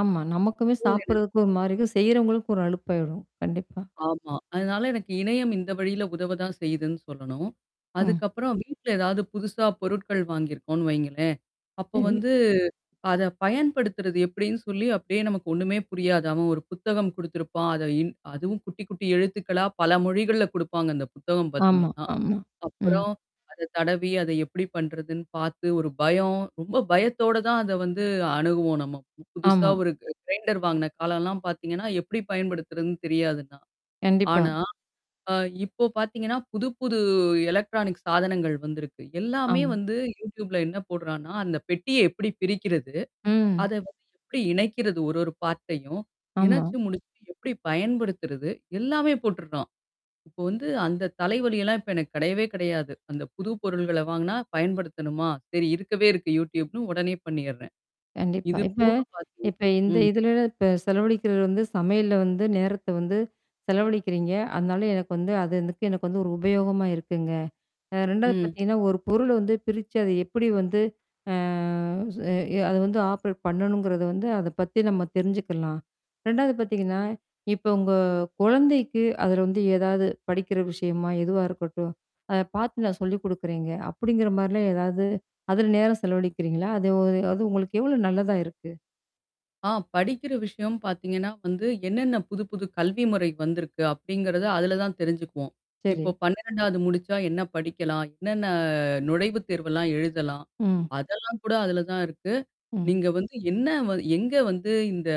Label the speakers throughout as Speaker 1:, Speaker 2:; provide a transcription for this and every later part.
Speaker 1: ஆமா. நமக்குமே
Speaker 2: ஓ! எனக்
Speaker 1: சாப்படுறதுக்கு ஒரு மாரி இருக்கும். செய்றவங்களுக்கு ஒரு அலுப்பாயிரும். கண்டிப்பா.
Speaker 2: ஆமா. அதனால எனக்கு இணையம் இந்த வழியில உதவ தான் செய்யுதுன்னு சொல்லணும்.
Speaker 1: ம்.
Speaker 2: அதுக்கப்புறம் வீட்ல எதாவது புதுசா பொருட்கள் வாங்கியிருக்கோனு வைங்களேன். அப்ப
Speaker 1: சரி.
Speaker 2: வந்து அத பயன்படுத்துறது எப்டின்னு சொல்லி அப்படியே நமக்கு ஒண்ணுமே புரியாது. அவன் ஒரு புத்தகம் குடுத்திருப்பான். அத இன் அதுவும் குட்டி குட்டி எழுத்துக்களா பல மொழிகள்ல குடுப்பாங்க, அந்த புத்தகம்
Speaker 1: ஆமா
Speaker 2: பார்த்தீங்கன்னா.
Speaker 1: ஆமா. ம்.
Speaker 2: அப்புறம் அத தடவி அத எப்படி பண்றதுன்னு பாத்து ஒரு பயம் ரொம்ப பயத்தோட தான் அத வந்து அணுகுவோம் நம்ம புதுசா
Speaker 1: ஆமா.
Speaker 2: ஒரு க கிரைண்டர் வாங்குன காலம்லாம் பாத்தீங்கன்னா, எப்படி பயன்படுத்துறதுன்னு தெரியாது தா
Speaker 1: கண்டிப்பா.
Speaker 2: ஆனா. அ இப்போ பாத்தீங்கன்னா, புது புது எலக்ட்ரானிக் சாதனங்கள் வந்திருக்கு. எல்லாமே
Speaker 1: ஆமா.
Speaker 2: வந்து யூடியூப்ல என்ன போடுறான்னா, அந்த பெட்டிய எப்படி பிரிக்கிறது?
Speaker 1: ம்.
Speaker 2: அத வந்து எப்படி இணைக்கிறது ஒரு ஒரு பார்ட் டையும்
Speaker 1: ஆமா.
Speaker 2: இணச்சு முடிச்சு, எப்படி பயன்படுத்துறது? எல்லாமே போட்டுருக்கான். இப்ப வந்து அந்த தலைவலியெல்லாம் இப்ப எனக்கு கெடையவே கெடையாது. அந்த புது பொருள்கள வாங்குனா பயன்படுத்தணுமா? சரி இருக்கவே இருக்கு, யூடியூப்னு உடனே பண்ணீறேன்.
Speaker 1: கண்டிப்பா.
Speaker 2: இது
Speaker 1: இப்ப
Speaker 2: போக பாத்தீங்க
Speaker 1: இப்ப இந்த
Speaker 2: ம்.
Speaker 1: இதுல இப்ப செலவழக்கிறது வந்து, சமையல்ல வந்து, நேரத்த வந்து செலவழிக்கிறீங்க. அதுனால எனக்கு வந்து, அது அதுக்கு எனக்கு வந்து ஒரு உபயோகமா இருக்குங்க. அ 2வது
Speaker 2: ம்.
Speaker 1: பாத்தீங்கன்னா, ஒரு பொருள வந்து பிரிச்சு அத எப்படி வந்து, அ அது வந்து ஆப்ரேட் பண்ணணுங்கறது வந்து, அத பத்தி நம்ம தெரிஞ்சுக்கலாம். 2 பாத்தீங்கன்னா, இப்ப உங்க குழந்தைக்கு அதுல வந்து எதாவது படிக்கிற விஷயமா? எதுவா இருக்கட்டும்? அத பாத்து நான் சொல்லிக் குடுக்குறேங்க! அப்டிங்கிற மாரிலாம் எதாவது அதுல நேரம் செலவழிக்கிறீங்களா? அது ஒ அது உங்களுக்கு எவ்ளோ நல்லதா இருக்கு.
Speaker 2: ஆ படிக்கிற விஷயம் பாத்தீங்கன்னா வந்து, என்னென்ன புது புது கல்வி முறை வந்திருக்கு, அப்டிங்கிறத, அதுல தான் தெரிஞ்சுக்குவோம். இப்போ
Speaker 1: சரி.
Speaker 2: 12 முடிச்சா என்ன படிக்கலாம்? என்னென்ன நுழைவு தேர்வெல்லாம் எழுதலாம்?
Speaker 1: ம்.
Speaker 2: அதெல்லாம் கூட, அதுல தான் இருக்கு.
Speaker 1: ம்.
Speaker 2: நீங்க வந்து என்ன வ எங்க வந்து இந்த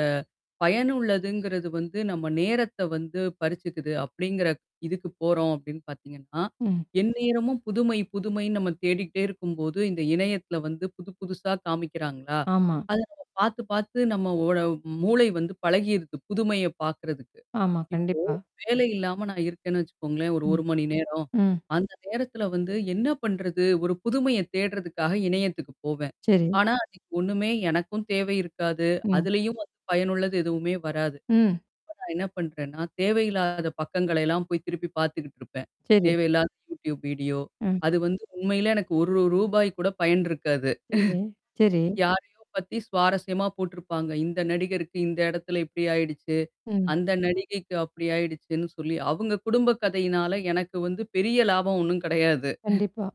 Speaker 2: பயனுள்ளதுங்கிறது வந்து நம்ம நேரத்த வந்து பறிச்சுக்குது. அப்டிங்கிறக் இதுக்கு போறோம் அப்டின்னு பாத்தீங்கன்னா,
Speaker 1: ம்.
Speaker 2: எந்நேரமும் புதுமை புதுமைன்னு நம்ம தேடிக்கிட்டே இருக்கும்போது, இந்த இணையத்தில வந்து புது புதுசா காமிக்கிறாங்களா!
Speaker 1: ஆமா.
Speaker 2: அத நம்ம பாத்து பாத்து நம்ம ஓட மூளை வந்து பழகிருது. புதுமைய பாக்கறதுக்கு.
Speaker 1: ஆமா,
Speaker 2: இப்போ,
Speaker 1: கண்டிப்பா.
Speaker 2: வேலை இல்லாம நான் இருக்கேன்னு வச்சுக்கோங்களேன்,
Speaker 1: ம்.
Speaker 2: 1 மணி நேரம்.
Speaker 1: ம்.
Speaker 2: அந்த நேரத்தில வந்து என்ன பண்றது? ஒரு புதுமைய தேட்றதுக்காக இணையத்துக்கு போவேன்.
Speaker 1: சேரி.
Speaker 2: ஆனா, அதுக்கு ஒண்ணுமே எனக்கும் தேவை இருக்காது.
Speaker 1: ம்.
Speaker 2: அதுலயும் வந்து பயனுள்ளது எதுவுமே வராது.
Speaker 1: ம்.
Speaker 2: நான் என்ன பண்றேன்னா, தேவையில்லாத பக்கங்களை எல்லாம் போய் திருப்பி பாத்துக்கிட்டு இருப்பேன்.
Speaker 1: சேரி.
Speaker 2: தேவையில்லாத யூடியூப் வீடியோ.
Speaker 1: ம்.
Speaker 2: அது வந்து உண்மையிலே எனக்கு 1 ரூபாய் கூட பயன் இருக்காது.
Speaker 1: சேரி, சேரி.
Speaker 2: யாரையோ பத்தி சுவாரஸ்யமா போட்டுருப்பாங்க. இந்த நடிகருக்கு இந்த எடத்துல இப்படி ஆயிடுச்சு!
Speaker 1: ம்.
Speaker 2: அந்த நடிகைக்கு அப்படி ஆயிடுச்சுன்னு சொல்லி. அவங்க குடும்ப கதையினால எனக்கு வந்து பெரிய லாபம் ஒண்ணும் கெடையாது.
Speaker 1: கண்டிப்பா.